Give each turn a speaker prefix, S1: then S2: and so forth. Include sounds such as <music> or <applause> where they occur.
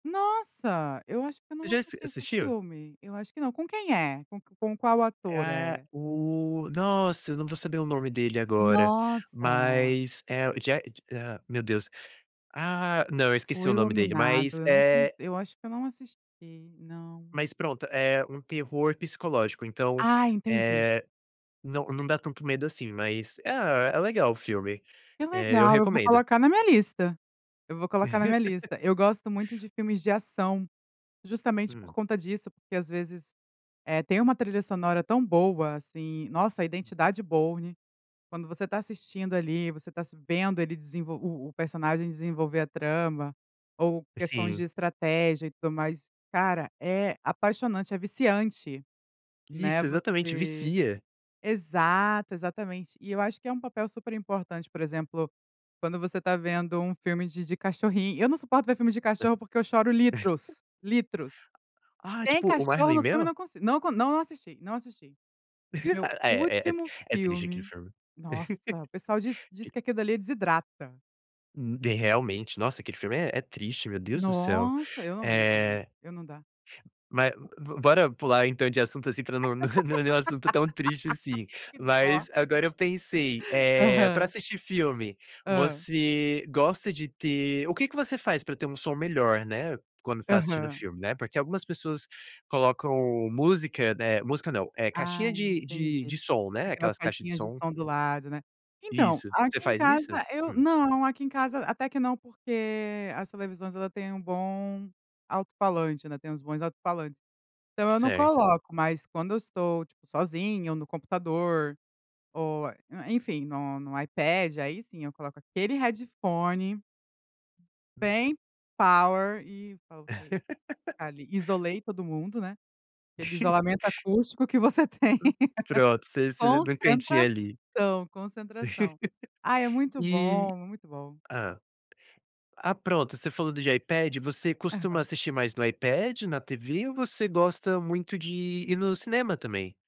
S1: Nossa! Eu acho que eu não
S2: Já assis
S1: assisti esse
S2: assistiu?
S1: filme. Eu acho que não, com quem é? Com com qual
S2: É
S1: ator
S2: a é
S1: é?
S2: o nossa, eu não vou saber o nome dele agora.
S1: Nossa!
S2: Mas é o Je ah, meu Deus. Ah, não, eu
S1: O
S2: esqueci o nome dele. Mas,
S1: Iluminado, eu não con
S2: eh
S1: eu acho que eu não assisti. Não.
S2: Mas pronto, é um terror psicológico. Então,
S1: Ah entendi.
S2: eh, não não dá tanto medo, assim, mas, ah, é legal o filme,
S1: Que
S2: eh, eu
S1: legal! Eu vou
S2: recomendo.
S1: colocar na minha lista, eu vou colocar na minha
S2: <laughs>
S1: lista. Eu gosto muito de filmes de ação, justamente por
S2: Hum.
S1: conta disso, porque às vezes, eh, tem uma trilha sonora tão boa, assim, nossa, a Identidade Bourne, quando você está assistindo ali, você está se vendo ele desenvol o o personagem desenvolver a trama ou questões de
S2: Sim.
S1: estratégia e tudo mais, cara, é apaixonante, é viciante, né,
S2: Isso, exatamente,
S1: você
S2: vicia.
S1: exato, exatamente. E eu acho que é um papel super importante, por exemplo, quando você tá vendo um filme de de cachorrin eu não suporto ver filme de
S2: Hã.
S1: cachorro, porque eu choro litros, litros.
S2: <chuckles> Ah,
S1: Tem
S2: tipo, o
S1: cachorro
S2: Marley
S1: no
S2: e
S1: filme eu
S2: Eu?
S1: não consi não co não assisti, não assisti.
S2: <laughs>
S1: Meu
S2: Ah, é, é,
S1: último
S2: é triste aquele
S1: filme,
S2: filme.
S1: nossa, o pessoal diz
S2: <laughs>
S1: diz
S2: que
S1: que aquilo ali desidrata.
S2: Hum, de realmente, nossa, aquele filme é é triste, meu Deus do céu.
S1: Nossa! Eu não não dá não.
S2: Eh
S1: Eu não dá.
S2: Ma bora pular então de assunto, assim, pra não não não é um assunto tão triste, assim.
S1: <laughs> Que dó.
S2: Mas agora eu pensei, eh, para
S1: Aham.
S2: assistir filme,
S1: Hã.
S2: você gosta de ter o quê que você faz para ter um som melhor, né, quando está assistindo o
S1: Aham.
S2: filme, né? Porque algumas pessoas colocam música, né, música não, eh,
S1: Ai,
S2: caixinha de
S1: entendi.
S2: de de som, né,
S1: Aquelas
S2: aquelas caixas de
S1: caixinhas de
S2: som
S1: som do lado, né. Então,
S2: Isso. Você
S1: aqui em
S2: faz isso?
S1: casa eu
S2: Hum.
S1: não, aqui em casa até que não, porque as televisões ela tem um bom alto falante, né, tem uns bons alto falantes. Então eu não
S2: Certo.
S1: coloco, mas quando eu estou, tipo, sozinha ou no computador ou, eh, enfim, no no iPad, aí sim eu coloco aquele headphone
S2: Hum.
S1: bem power e tá, ok.
S2: <laughs>
S1: Ali isolei todo mundo, né. Aquele isolamento
S2: <laughs>
S1: acústico que você tem.
S2: Hum, pronto, você você do quentinho ali.
S1: Concentração,
S2: <laughs>
S1: concentração. Ah é muito
S2: E
S1: bom, muito bom.
S2: hã. Ah, pronto, você falou de iPad, você costuma
S1: Aham.
S2: assistir mais no iPad, na TV ou você gosta muito de ir ir no cinema também?